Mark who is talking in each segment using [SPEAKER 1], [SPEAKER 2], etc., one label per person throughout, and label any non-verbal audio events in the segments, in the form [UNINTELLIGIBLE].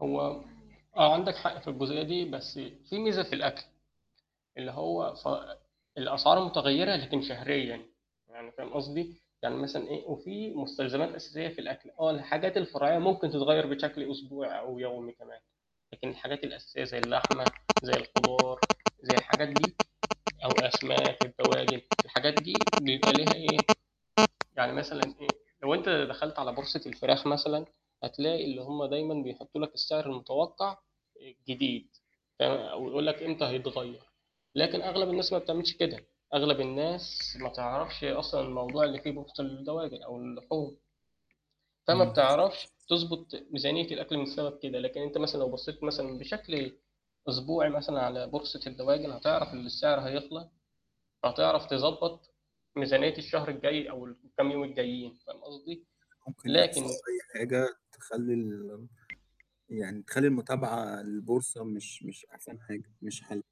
[SPEAKER 1] هو آه عندك حق في الجزئية دي، بس في ميزة في الأكل. اللي هو ف الأسعار متغيّرة لكن شهريًا يعني فاهم قصدي؟ يعني مثلًا إيه وفي مستلزمات أساسية في الأكل، آه الحاجات الفرعية ممكن تتغيّر بشكل أسبوعي أو يومي كمان، لكن الحاجات الأساسية زي اللحمة، زي الخضار، زي الحاجات دي أو أسماك، الدواجن، الحاجات دي بيبقى ليها إيه يعني مثلًا إيه لو أنت دخلت على بورصة الفراخ مثلًا، هتلاقي اللي هم دايمًا بيحطّوا لك السعر المتوقع آآ جديد، تم ويقول لك إمتى هيتغيّر. لكن أغلب الناس ما بتعملش كده، أغلب الناس ما تعرفش أصلًا الموضوع اللي فيه بورصة للدواجن أو اللحوم. فما
[SPEAKER 2] إمم.
[SPEAKER 1] بتعرفش تضبط ميزانية الأكل من سبب كده، لكن أنت مثلًا لو بصّيت مثلًا بشكل أسبوعي مثلًا على بورصة الدواجن، هتعرف إن السعر هيطلع، فتعرف تضبط ميزانية الشهر الجاي أو الكام يوم الجايين فاهم قصدي؟
[SPEAKER 2] ممكن يحصل
[SPEAKER 1] لكن
[SPEAKER 2] أي
[SPEAKER 1] [UNINTELLIGIBLE]
[SPEAKER 2] حاجة تخلّي ال يعني تخلّي المتابعة للبورصة مش مش أحسن حاجة، مش حَل.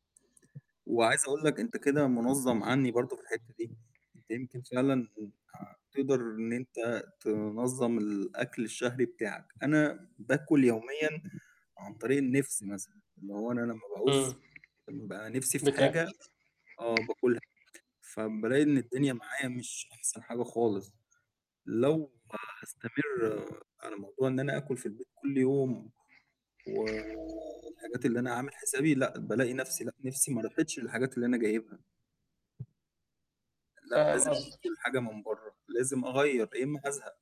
[SPEAKER 2] وعايز اقول لك أنت كده مُنظّم عني برضه في الحتة دي، أنت يمكن فعلًا آآ تقدر إن أنت تنظّم الأكل الشهري بتاعك، أنا باكل يوميًا عن طريق النِفس مثلًا، اللي هو أنا لما
[SPEAKER 1] إمم
[SPEAKER 2] باعوز بابقي نفسي في
[SPEAKER 1] بت
[SPEAKER 2] حاجة آه باكلها، فبالاقي إن الدنيا معايا مش أحسن حاجة خالص، لو هاستمر على موضوع إن أنا آكُل في البيت كل يوم، و والحاجات اللي أنا عامل حسابي لأ، بالاقي نفَسي لأ، نِفسي ما راحتش للحاجات اللي أنا جايبها. لأ
[SPEAKER 1] فاهم
[SPEAKER 2] لازم أجيب
[SPEAKER 1] قصدك.
[SPEAKER 2] كل حاجة من برّه، لازم أغيّر يا إما هازهق.